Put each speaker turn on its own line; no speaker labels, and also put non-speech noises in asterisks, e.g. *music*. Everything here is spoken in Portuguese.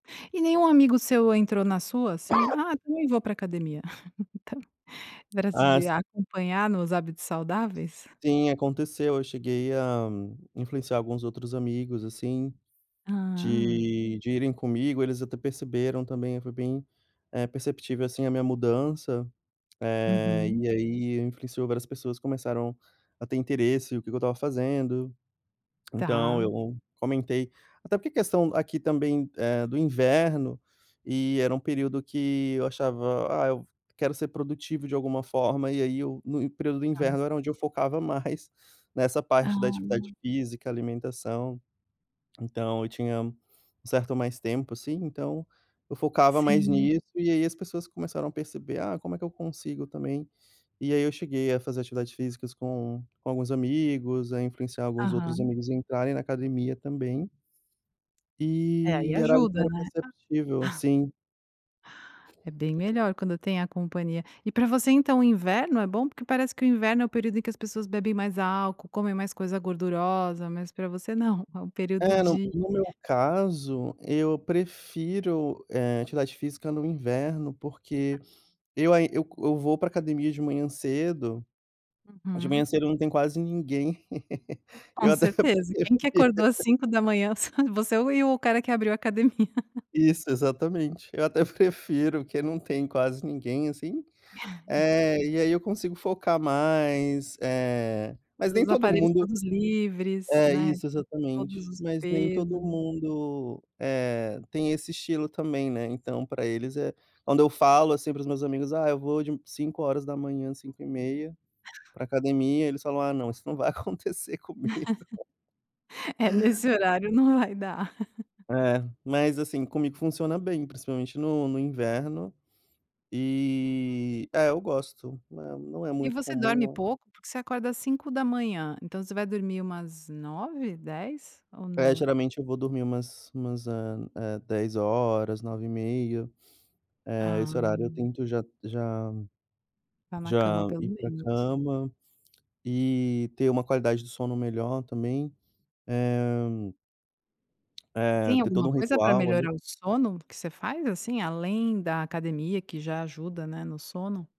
E nenhum amigo seu entrou na sua, assim:
*coughs*
"Ah, também vou pra academia", *laughs* pra te
A
de
si
acompanhar nos hábitos
S
saudáveis?
sim, aconteceu. Eu cheguei a influenciar alguns outros amigos, assim,
Hã.
de de irem comigo. Eles até perceberam também, foi bem, eh, perceptível, assim, a minha mudança. Eh,
Uhum.
e aí influenciou, várias pessoas começaram a ter interesse, o que que eu estava fazendo, então
Tá.
eu comentei até porque a questão aqui também, eh, do inverno e era um período que eu achava: "Ah, eu quero ser produtivo de alguma forma" e aí eu no período do
Tá.
inverno, era onde eu focava mais nessa parte da
Ah.
atividade física, alimentação, então eu tinha um certo mais tempo, assim, então eu focava mais
Sim.
nisso e aí as pessoas começaram a perceber" Ah, como é que eu consigo também?". E aí eu cheguei a fazer atividades físicas com com alguns amigos, a influenciar alguns outros
Aham.
amigos a entrarem na academia também.
É, aí
E era algo que
ajuda,
era
né. A
perceptível
*chuckles*
sim.
É bem melhor quando tem a companhia. E pra você então o inverno é bom, porque parece que o inverno é o período em que as pessoas bebem mais álcool, comem mais coisa gordurosa, mas pra você não, é o período
É, no
de
no meu caso eu prefiro, eh, atividade física no inverno, porque eu aí eu eu vou pra academia de manhã cedo, de manhã
Uhum.
cedo não tem quase ninguém. *laughs*
Com
Eu até
certeza, quem que
prefiro.
acordou às 5h? S você e o cara que abriu academia. *laughs*
Isso, exatamente. Eu até prefiro, que não tem quase ninguém, assim,
*chuckles*
eh, e aí eu consigo focar mais, eh, mas nem
Os
todo
aparelhos
mundo
todos livres,
é,
né,
isso, exatamente.
todos os
Mas nem todo
peso.
mundo, eh, tem esse estilo também, né. Então pra eles é quando eu falo, assim, para os meus amigos: "Ah, eu vou de 5h, 5h30 pra academia", eles falam: "Ah, não, isso não vai acontecer comigo".
*laughs* "É, nesse horário não vai dar". *chuckles*
É, mas, assim, comigo funciona bem, principalmente no no inverno e é, eu gosto, não é não é
E
muito
você dorme
comum.
pouco? Porque você acorda às 5h, então você vai dormir umas 21h, 22h, ou
É,
não?
geralmente eu vou dormir umas umas, eh eh, 22h, 21h30, eh, esse horário eu
Ah.
tento já já
Tá na cama
já
pelo
ir pra
menos.
cama e ter uma qualidade de sono melhor também, eh
E
eh,
tem
ter
alguma
todo um
coisa pra
ritual ali
melhorar o sono que você faz, assim, além da academia que já ajuda, né, no sono?